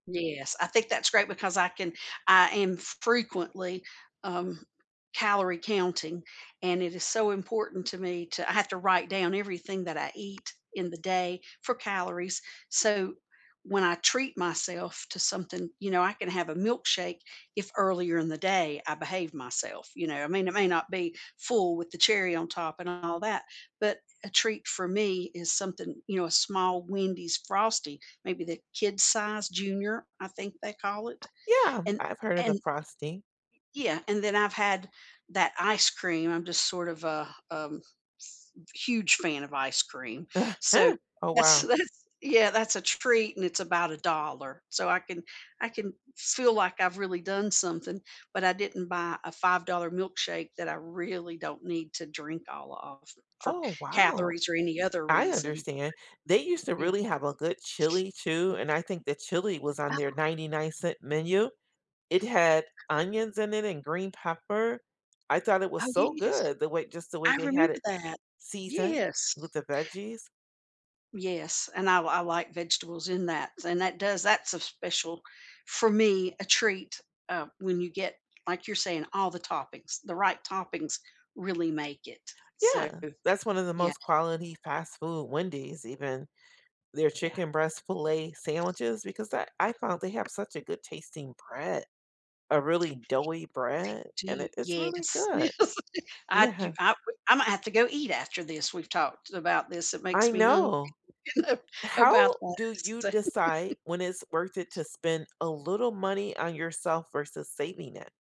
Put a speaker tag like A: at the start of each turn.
A: Yes, I think that's great because I can I am fr frequently, um, calorie counting, and it is so important to me to I have to write down everything that I eat in the day for calories, so when I treat myself to something you know, I can have a milkshake if earlier in the day I behave myself, you know, I mean, it may not be full with the cherry on top and all that, but a treat for me is something you know, a small Wendy's Frosty, maybe the kid size, junior, I think they call it,
B: Yeah,
A: and
B: I've heard of the
A: and
B: frosty.
A: Yeah, and then I've had that ice cream, I'm just sort of a, um, s huge fan of ice cream, so
B: Oh,
A: that's
B: wow.
A: that's Yeah, that's a treat, and it's about $1, so I can I can feel like I've really done something, but I didn't buy a $5 milkshake that I really don't need to drink all of for
B: Oh, wow.
A: calories or any other
B: I
A: reason.
B: understand, they used to
A: Yeah.
B: really have a good chili too, and I think the chili was on
A: Oh.
B: their 99¢ menu. It had onions in it and green pepper, I thought it
A: Oh,
B: was so
A: yes.
B: good, the way just the way
A: I
B: they had
A: remember
B: it
A: that.
B: seasoned
A: Yes.
B: with the veggies.
A: Yes, and I l I like vegetables in that, and that does that's a special for me, a treat, uh, when you get like you're saying, all the toppings, the right toppings really make it, so
B: Yeah, that's one of the
A: Yeah.
B: most quality fast food Wendy's even. Their
A: Yeah.
B: chicken breast fillet sandwiches because I I found they have such a good tasting bread, a really doughy bread, and it
A: Gee.
B: it's really
A: Yes,
B: good.
A: yes, I
B: Yeah.
A: do Ima Imma have to go eat after this, we've talked about this, it
B: I
A: makes me hungry,
B: know.
A: you know,
B: How
A: about
B: do
A: that,
B: you
A: so
B: decide when it's worth it to spend a little money on yourself versus saving it?